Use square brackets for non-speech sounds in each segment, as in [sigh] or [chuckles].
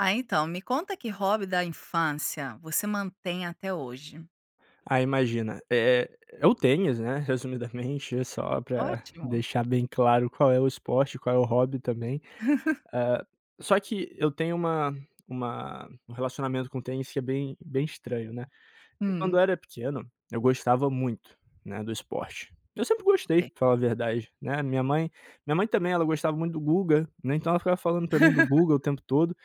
Ah, então, me conta que hobby da infância você mantém até hoje? Ah, imagina, é é é o tênis, né. Resumidamente, é só pra Ótimo. deixar bem claro, qual é o esporte, qual é o hobby também. [chuckles] Ah, só que eu tenho uma uma um relacionamento com o tênis que é bem bem estranho, né. Quando Hum. eu era pequeno, eu gostava muito, né, do esporte. Eu sempre gostei Ok. pra falar a verdade, né, a minha mãe minha mãe também ela gostava muito do Guga, né. Então, ela ficava falando pra mim do Guga o [laughs] tempo todo,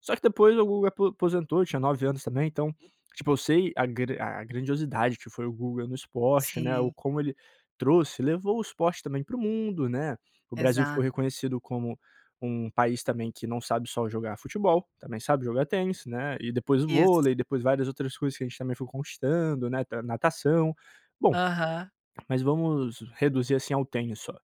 só que depois o Guga apo aposentou, eu tinha 9 anos também. Então, tipo, eu sei a grand a grandiosidade que foi o Guga no esporte, né, ou Sim. como ele trouxe levou o esporte também para o mundo, né, o Brasil ficou Exato. reconhecido como um país também que não sabe só jogar futebol, também sabe jogar tênis, né, e depois o vôlei Isso. e depois várias outras coisas que a gente também foi conquistando, né, nat natação. Bom, Aham. mas vamos reduzir assim ao tênis, só.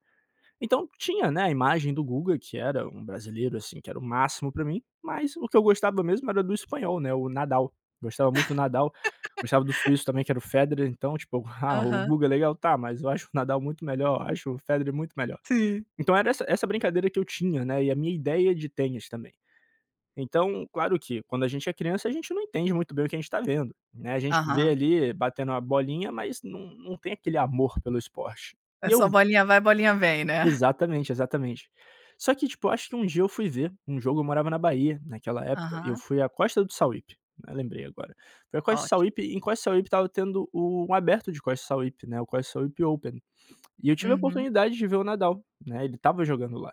Então, tinha, né, a imagem do Guga que era um brasileiro, assim, que era o máximo pra mim, mas o que eu gostava mesmo era do espanhol, né, o Nadal, gostava muito do Nadal, gostava do [laughs] suíço também que era o Federer. Então, tipo, ah, o Aham. Guga é legal, tá, mas eu acho o Nadal muito melhor, eu acho o Federer muito melhor. Sim. Então era essa essa brincadeira que eu tinha, né, e a minha ideia de tênis também. Então, claro que quando a gente é criança, a gente não entende muito bem o que a gente tá vendo, né, a gente vê Aham. ali batendo uma bolinha mas não não tem aquele amor pelo esporte. É E só eu bolinha vai, bolinha vem, né? Exatamente, exatamente. Só que tipo, acho que um dia eu fui ver um jogo, eu morava na Bahia, naquela época. E eu Aham. fui à Costa do Sauípe, né, lembrei agora. Foi a Costa do Ótimo. Sauípe, em Costa do Sauípe, estava tendo o aberto de Costa do Sauípe, o Costa do Sauípe Open. E eu tive a Uhum. oportunidade de ver o Nadal, né, ele estava jogando lá.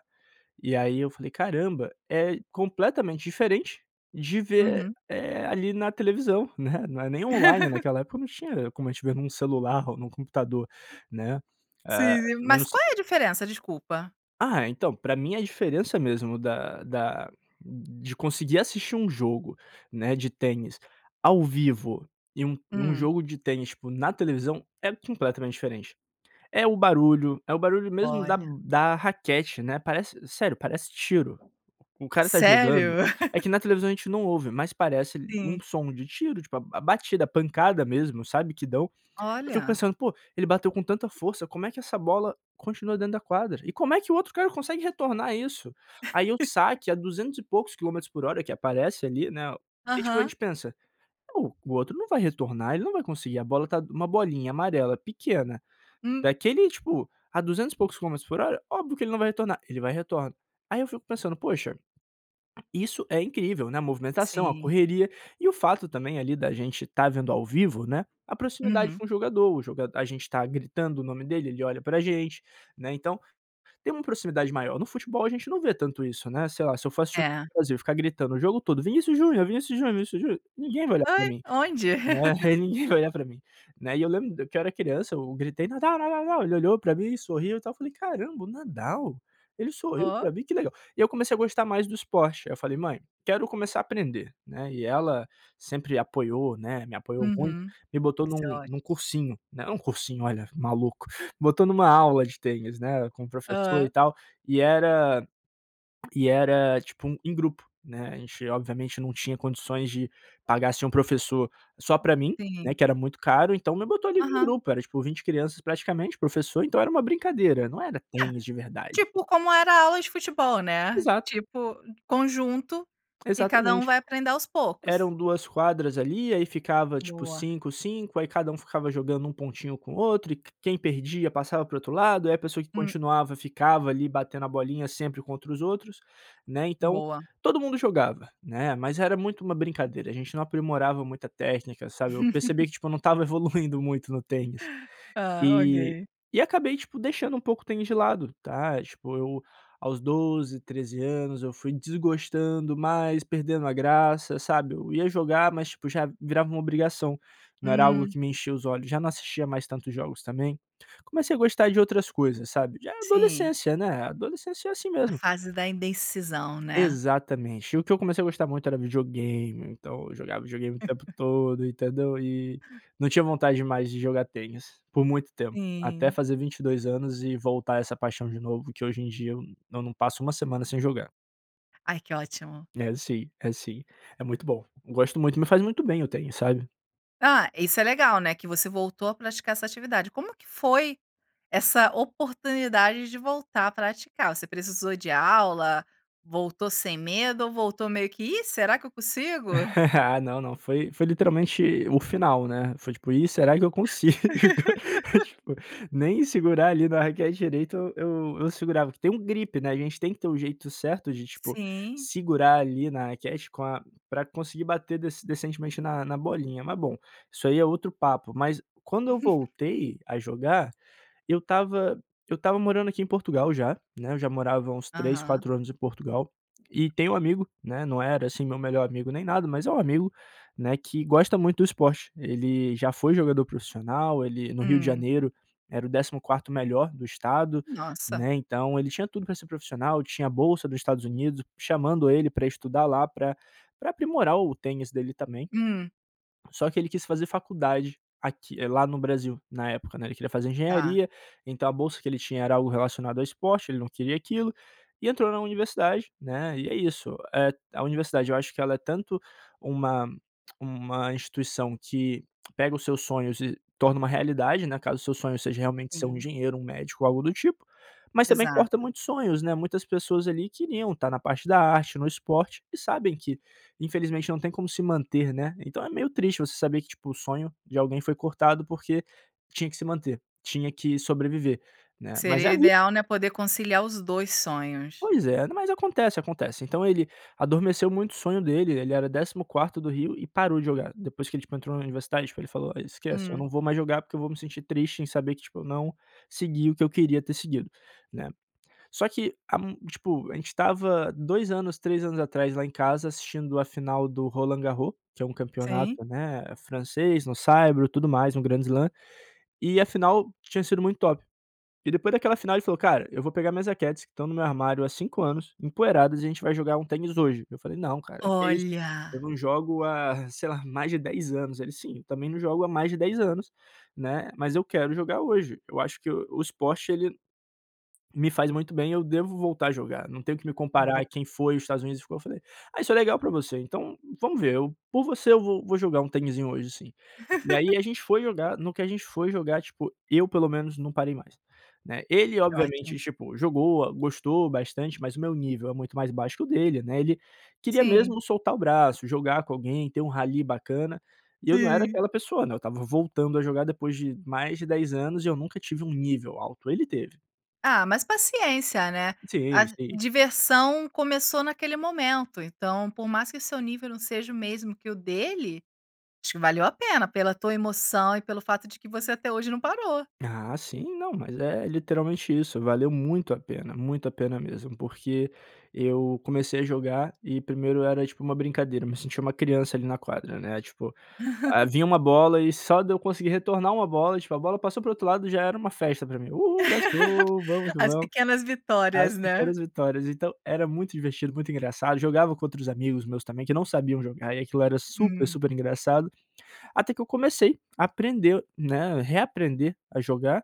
E aí eu falei caramba, é completamente diferente de ver, Uhum. eh, ali na televisão, né, não é nem online [laughs] naquela época não tinha como a gente vê num celular ou num computador, né? Sim, Eh, e não mas se qual é a diferença? Desculpa. Ah, então, pra mim a diferença mesmo da da de conseguir assistir um jogo, né, de tênis ao vivo e um um Hum. jogo de tênis, tipo, na televisão é completamente diferente. É o barulho é o barulho mesmo da Olha. da raquete, né, parece sério, parece tiro. O cara tá Sério? jogando, é [laughs] que na televisão a gente não ouve, mas parece um Sim. som de tiro, tipo, a batida, a pancada mesmo, sabe? Que dão. Eu fico Olha. pensando poxa, ele bateu com tanta força, como é que essa bola continua dentro da quadra? E como é que o outro cara consegue retornar isso? Aí, o [chuckles] saque a duzentos e poucos quilômetros por hora que aparece ali, né. E tipo a Aham. gente pensa, o o outro não vai retornar, ele não vai conseguir a bola tá uma bolinha amarela pequena, Hum. daquele tipo, a duzentos e poucos quilômetros por hora, óbvio que ele não vai retornar, ele vai e retorna. Aí eu fico pensando: "Poxa, isso é incrível," né, a movimentação, a Sim. correria e o fato também ali da gente tá vendo ao vivo, né, a proximidade Uhum. com o jogador, o joga a gente está gritando o nome dele, ele olha pra gente, né, então, tem uma proximidade maior. No futebol a gente não vê tanto isso, né. Sei lá, se eu for assistir o É. jogo do Brasil ficar gritando o jogo todo: "Vinicius Junior, Vinicius Junior, Vinicius Junior," ninguém vai olhar pra Ai. mim, Onde? né, ninguém vai [chuckles] olhar pra mim, né. E eu lembro que eu era criança, eu gritei: "Nadal, Nadal, Nadal," ele olhou pra mim e sorriu e tal. Falei: "Caramba, o Nadal, ele sorriu Oh. pra mim que legal." E eu comecei a gostar mais do esporte, aí eu falei: "Mãe, quero começar a aprender," né, e ela sempre apoiou, né, me apoiou muito, Uhum. me botou Isso é num ótimo. num cursinho, né. Um cursinho, olha, maluco, botou numa aula de tênis, né, com professor e Hã. tal, e era e era tipo em grupo, né. A gente obviamente não tinha condições de pagar assim um professor só pra mim, né, Sim. que era muito caro, então me botou ali num Aham. grupo, era tipo 20 crianças praticamente, o professor, então era uma brincadeira, não era É. tênis de verdade. Tipo, como era a aula de futebol, né, Exato. tipo, conjunto que cada um Exatamente. vai aprender aos poucos. Eram 2 quadras ali, aí ficava tipo, Boa. 5, 5. Aí, cada um, ficava jogando um pontinho com o outro e quem perdia passava para o outro lado, aí a pessoa que Hum. continuava ficava ali batendo a bolinha sempre contra os outros, né. Então, Boa. todo mundo jogava, né, mas era muito uma brincadeira a gente não aprimorava muita técnica, sabe? Eu percebi [chuckles] que tipo eu não estava evoluindo muito no tênis. Ah, Eh, ok. e acabei, tipo, deixando um pouco o tênis de lado, tá? Tipo eu, aos 12, 13 anos, eu fui desgostando mais, perdendo a graça, sabe? Eu ia jogar mas tipo já, virava uma obrigação. Não era algo Hum. que me enchia os olhos, já não assistia mais tantos jogos também. Comecei a gostar de outras coisas, sabe? Já Sim. adolescência, né? A adolescência é assim A mesmo. fase da indecisão, né? Exatamente, o que eu comecei a gostar muito era videogame, então eu jogava videogame o tempo [chuckles] todo, entendeu? E, não tinha vontade mais de jogar tênis, por muito tempo, até Sim. fazer 22 anos e voltar essa paixão de novo, que hoje em dia eu não passo uma semana sem jogar. Ai, que ótimo. É sim, é sim, é muito bom. Gosto muito, me faz muito bem o tênis, sabe? Ah, isso é legal, né, que você voltou a praticar essa atividade, como que foi essa oportunidade de voltar a praticar, você precisou de aula, voltou sem medo ou voltou meio que: "Ih será que eu consigo?" [giggles] Não, não foi foi literalmente o final, né? Foi tipo: "Ih será que eu consigo?" [laughs] Tipo, nem segurar ali na raquete direito eu eu eu segurava, porque tem um grip, né, a gente tem que ter o jeito certo de tipo, Sim. segurar ali na raquete com a pra conseguir bater decen decentemente na na bolinha mas bom, isso aí é outro papo, mas quando eu [laughs] voltei a jogar, eu estava eu estava morando aqui em Portugal já, né, eu já morava uns 3 Aham. 4 anos em Portugal e tem amigo, né, não era assim meu melhor amigo nem nada, mas é um amigo, né, que gosta muito do esporte. Ele já foi jogador profissional, ele no Rio de Hum. Janeiro era o 14° melhor do estado, Nossa. né, então ele tinha tudo pra ser profissional, tinha bolsa do Estados Unidos, chamando ele pra estudar lá pra pra aprimorar o tênis dele também. Hum. Só que ele quis fazer faculdade, aqui eh, lá no Brasil, na época né, ele queria fazer Tá. engenharia, então a bolsa que ele tinha era algo relacionado ao esporte, ele não queria aquilo, e entrou na universidade, né, e é isso, eh a universidade eu acho que ela é tanto, uma uma instituição que, que pega os seus sonhos e torna uma realidade, né, caso o seu sonho seja realmente ser um Sim. engenheiro, um médico ou algo do tipo, mas também corta Exato. muitos sonhos, né. Muitas pessoas ali queriam tá na parte da arte, no esporte e sabem que, infelizmente, não tem como se manter, né? Então é meio triste você saber que tipo o sonho de alguém foi cortado porque tinha que se manter, tinha que sobreviver, né? Mas é Seria a vi ideal né, poder conciliar os dois sonhos. Pois é, mas acontece, acontece. Então ele adormeceu muito o sonho dele, ele era 14° do Rio e parou de jogar, depois que ele, tipo, entrou na universidade tipo ele falou: "Esquece, eu Hum. não vou mais jogar porque eu vou me sentir triste em saber que, tipo, eu não segui o que eu queria ter seguido." Né. Só que a tipo, a gente estava 2 anos 3 anos atrás lá em casa assistindo a final do Roland Garros que é campeonato, Sim. né, francês, no saibro, tudo mais um grand slam. E afinal tinha sido muito top. E depois daquela final ele falou: "Cara eu vou pegar minhas raquetes que estão no meu armário há 5 anos, empoeiradas e a gente vai jogar um tênis hoje." Eu falei: "Não cara, que é isso? Eu Olha. não jogo há sei lá mais de 10 anos." ele: "Sim, eu também não jogo há mais de 10 anos, né? Mas eu quero jogar hoje, eu acho que o o esporte ele, me faz muito bem eu devo voltar a jogar, não tenho que me Bo comparar quem foi e os Estados Unidos ficou." eu falei: "Ah isso é legal pra você, então vamos ver, eu por você eu vou vou jogar tenizinho hoje sim." E aí [laughs] a gente foi jogar, no que a gente foi jogar, tipo, eu pelo menos não parei mais, né? Ele Que ótimo. obviamente, tipo, jogou gostou bastante mas o meu nível é muito mais baixo que o dele, né, ele queria Sim. mesmo soltar o braço, jogar com alguém, ter um rally bacana e eu não era Sim. aquela pessoa, né, eu estava voltando a jogar depois de mais de 10 anos e eu nunca tive um nível alto, ele teve. Ah, mas paciência né? A Sim. Sim. diversão começou naquele momento, então por mais que seu nível não seja o mesmo que o dele, acho que valeu a pena pela tua emoção e pelo fato de que você até hoje não parou. Ah sim, não mas é literalmente isso. Valeu muito a pena, muito a pena mesmo, porque eu comecei a jogar e primeiro era tipo uma brincadeira, me senti uma criança ali na quadra, né, tipo, ah, [laughs] vinha uma bola e só de eu conseguir retornar uma bola, tipo, a bola passou pro outro lado já era uma festa pra mim uhu let's go vamos [laughs] que As vamos. pequenas As vitórias, né? pequenas vitórias então, era muito divertido, muito engraçado, jogava com outros amigos meus também, que não sabiam jogar, e aquilo era super Hum. super engraçado. Até que eu comecei a aprender, né, reaprender a jogar,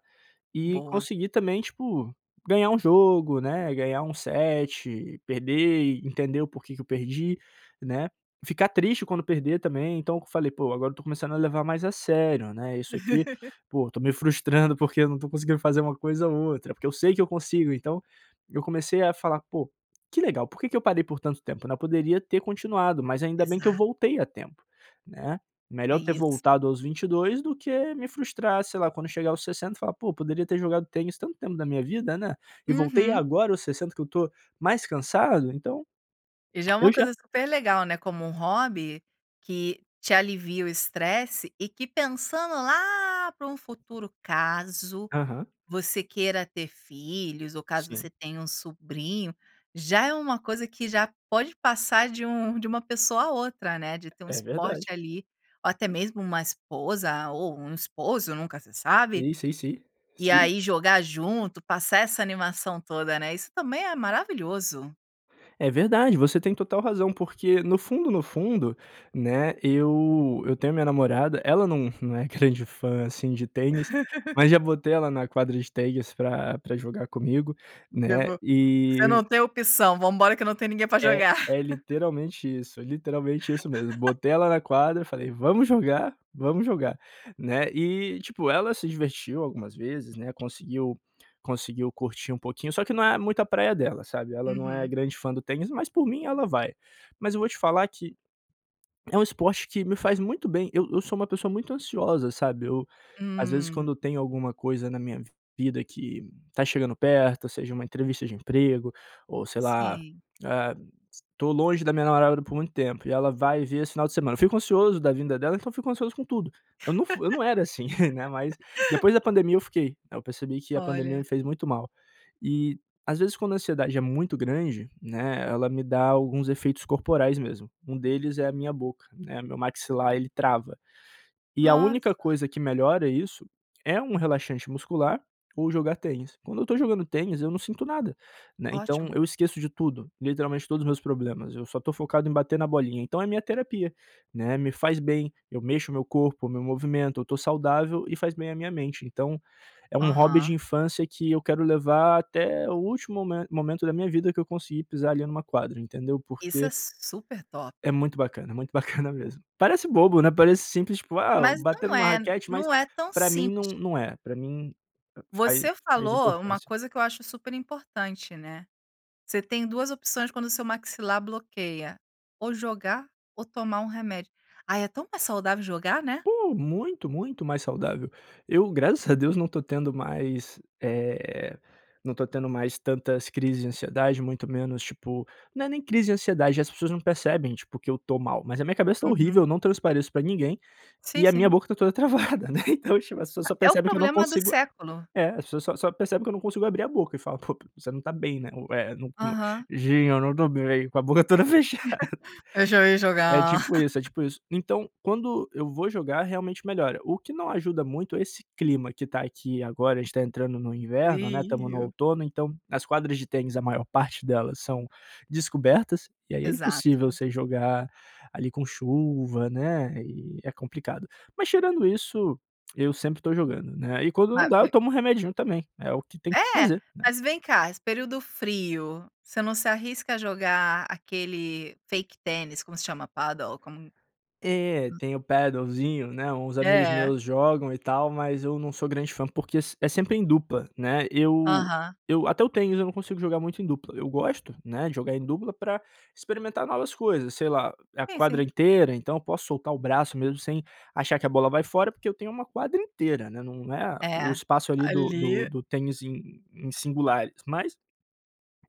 e Boa. consegui também tipo ganhar um jogo, né, ganhar um set, perder, entender o porque que eu perdi, né, ficar triste quando perder também, então eu falei: "Pô agora eu tô começando a levar mais a sério, né, isso aqui [laughs] po estou me frustrando porque eu não estou conseguindo fazer uma coisa ou outra, porque eu sei que eu consigo." Então eu comecei a falar: "Pô que legal ,por que que eu parei por tanto tempo né Eu poderia ter continuado, mas ainda bem que eu Exato. voltei a tempo né? É Melhor ter isso. voltado aos 22 do que me frustrar, sei lá, quando chegar aos 60" e falar: "Pô, poderia ter jogado tênis tanto tempo na minha vida, né? E voltei Uhum. agora aos 60 que eu estou mais cansado." Então, E já é eu uma já coisa super legal né, como um hobby que te alivia o estresse e que pensando lá para um futuro, caso Aham. você queira ter filhos ou caso Sim. você tenha um sobrinho, já é uma coisa que já pode passar de um de uma pessoa a outra, né, de ter um É esporte verdade. ali ou até mesmo uma esposa ou um esposo, nunca se sabe. Sim, sim, sim. E Sim. aí jogar junto passar essa animação toda né isso também é maravilhoso. É verdade você tem total razão, porque no fundo no fundo, né, eu eu tenho a minha namorada, ela não não é grande fã assim de tênis, [laughs] mas já botei ela na quadra de tênis pra pra jogar comigo, Eu né, vou você e não tenho opção, vambora que não tem ninguém pra É jogar. é [laughs] literalmente isso, literalmente isso mesmo. [laughs] Botei ela na quadra e falei: "Vamos jogar, vamos jogar" né, e tipo ela se divertiu algumas vezes, né, conseguiu conseguiu curtir um pouquinho, só que não é muito a praia dela sabe. Ela não é Uhum. grande fã do tênis, mas por mim ela vai. Mas eu vou te falar que é um esporte que me faz muito bem. Eu eu sou uma pessoa muito ansiosa, sabe, eu às vezes Hum. quando tem alguma coisa na minha vida que tá chegando perto, ou seja, uma entrevista de emprego, ou sei lá, Sim. ah tô longe da minha namorada por muito tempo, e ela vai vir esse final de semana. Eu fico ansioso da vinda dela, então fico ansioso com tudo. Eu não f eu não era assim, né, mas [laughs] depois da pandemia eu fiquei. Aí eu percebi que a pandemia me Olha. fez muito mal. E às vezes quando a ansiedade é muito grande, né, ela me dá alguns efeitos corporais mesmo, um deles é a minha boca, né, meu maxilar ele trava. E a única Nossa. coisa que melhora isso é um relaxante muscular, ou jogar tênis. Quando eu tô jogando tênis eu não sinto nada, né, então Ótimo. eu esqueço de tudo, literalmente todos os meus problemas, eu só tô focado em bater na bolinha. Então é minha terapia, né, me faz bem. Eu mexo o meu corpo, me movimento, eu tô saudável, e faz bem a minha mente. Então é um hobby de Aham. infância, que eu quero levar até o último mome momento da minha vida que eu conseguir pisar ali numa quadra entendeu, Isso é porque su super top. é muito bacana, muito bacana mesmo. Parece bobo, né, parece simples tipo, ah Mas bater não numa é raquete mas, não é tão pra mim simples. não não é, pra mim faz Você faz falou uma importância. coisa que eu acho super importante, né. Você tem 2 opções quando seu maxilar bloqueia, ou jogar ou tomar remédio. Ah é tão mais saudável jogar, né? Pô, muito, muito mais saudável. Eu graças a Deus não tô tendo mais, eh, não tô tendo mais tantas crises de ansiedade, muito menos tipo não é nem crise de ansiedade, as pessoas não percebem tipo que eu tô mal, mas a minha cabeça tá horrível, Uhum. eu não transpareço pra ninguém, e Sim, a minha sim. boca está toda travada, né, então tipo as pessoas [unintelligible] só É o percebem que eu não problema do consigo século. é as pessoas só só percebem que eu não consigo abrir a boca, e fala: "Pô você não está bem, né?" é o é não, Aham. "Sim eu não estou bem. com a boca toda fechada. [giggles] Eu já ia É jogar. tipo isso, é [giggles] tipo isso, então quando eu vou jogar realmente melhora. O que não ajuda muito é esse clima que tá aqui agora, a gente tá entrando no inverno, né, estamos no Frio. outono então, as quadras de tênis, a maior parte delas, são descobertas, e aí é Exato. impossível você jogar, ali com chuva, né, e é complicado, mas tirando isso, eu sempre estou jogando, né, e quando não dá eu [unintelligible] tomo um remedinho também é o que tem que É, fazer, né. mas vem cá esse período frio, você não se arrisca a jogar aquele fake tênis, como se chama? Padel como É, [unintelligible] tem o padelzinho, né, uns amigos É. meus jogam e tal, mas eu não sou grande fã, porque é é sempre em dupla, né. Eu Aham. eu até eu tenho, mas eu não consigo jogar muito em dupla. Eu gosto, né, de jogar em dupla pra experimentar novas coisas, sei lá, é a Sim, quadra sim. inteira então eu posso soltar o braço mesmo, sem achar que a bola vai fora porque eu tenho uma quadra inteira, né, nã não é o É, espaço ali do do ali do tênis em em singulares mas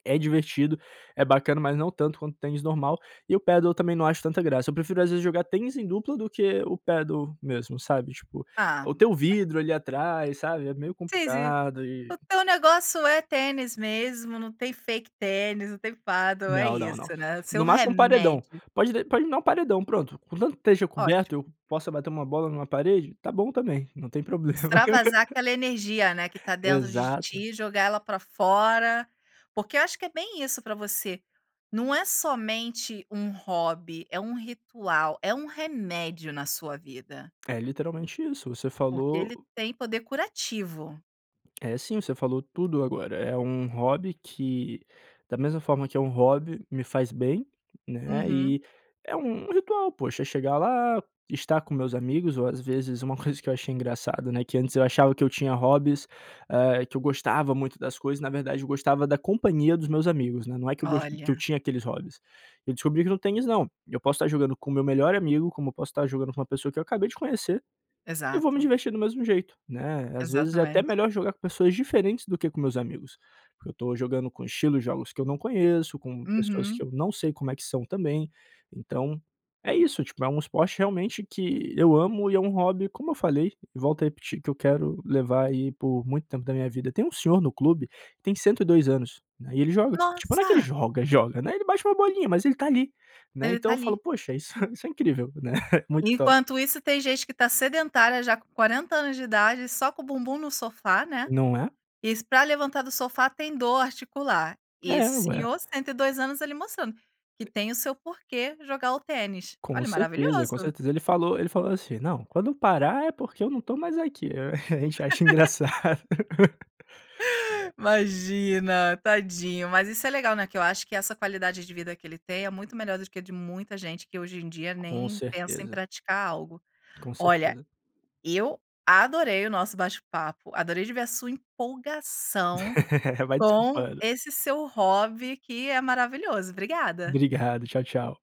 é divertido, é bacana mas não tanto quanto o tênis normal. E o Padel também não acho tanta graça, eu prefiro às vezes jogar tênis em dupla do que o Padel mesmo, sabe tipo, Ah. o tem o [unintelligible] vidro ali atrás, sabe? É meio Sei sim. complicado O e teu negócio é tênis mesmo, não tem fake tênis, não tem Padel, é Não, não, não. isso né o seu No máximo um paredão. remédio. Pode de pode me dar um paredão pronto, contanto que esteja coberto, Ótimo. que eu possa bater uma bola numa parede, tá bom também, não tem problema. Extravasar [laughs] aquela energia, né, que tá dentro de Exato. ti. Jogar ela para fora. Porque eu acho que é bem isso para você, não é somente um hobby, é um ritual, é um remédio na sua vida. É literalmente isso, você Porque ele falou tem poder curativo. É sim, você falou tudo agora. É um hobby que, da mesma forma que é um hobby, me faz bem, né. Uhum. E é um ritual poxa é chegar lá, estar com meus amigos ou às vezes uma coisa que eu achei engraçada, né, que antes eu achava que eu tinha hobbies, eh, que eu gostava muito das coisas, na verdade eu gostava da companhia dos meus amigos, né, não é que eu, que eu gost que eu Olha. tinha aqueles hobbies. Eu descobri que no tênis não, eu posso tá jogando com o meu melhor amigo, como posso tá jogando com uma pessoa que eu acabei de conhecer, e vou me Exato. divertir do mesmo jeito, né, às vezes é até Exatamente. melhor jogar com pessoas diferentes do que com os meus amigos, porque eu tô jogando com estilos de jogos que eu não conheço, com pessoas que Uhum. eu não sei como é que são também, então é isso tipo é um esporte realmente que eu amo e é um hobby, como eu falei, e volto a repetir que eu quero levar aí por muito tempo da minha vida. Tem um senhor no clube tem 102 anos, né, e ele joga, tipo não é que ele Nossa. joga joga né, ele bate uma bolinha mas ele tá ali, né. Ele Então tá eu falo: ali. "Poxa isso isso é incrível, né!" [chuckles] Muito top. Enquanto isso tem gente que tá sedentária já com 40 anos de idade, só com o bumbum no sofá, né, Não é? isso pra levantar do sofá tem dor articular, e É esse ué. senhor 102 anos, ele mostrando que tem o seu porquê jogar o tênis. Com Olha certeza, com maravilhoso. certeza ele falou ele falou assim: "Não, quando eu parar é porque eu não estou mais aqui." [laughs] A gente acha [laughs] engraçado. [laughs] É. Imagina tadinho. Mas isso é legal, né, que eu acho que essa qualidade de vida que ele tem é muito melhor do que a de muita gente que hoje em dia Com nem pensa em certeza. praticar algo. Com Olha certeza. eu adorei o nosso bate papo, adorei de ver a sua empolgação [laughs] Vai com desculpando. esse seu hobby que é maravilhoso, obrigada. Obrigado, tchau, tchau.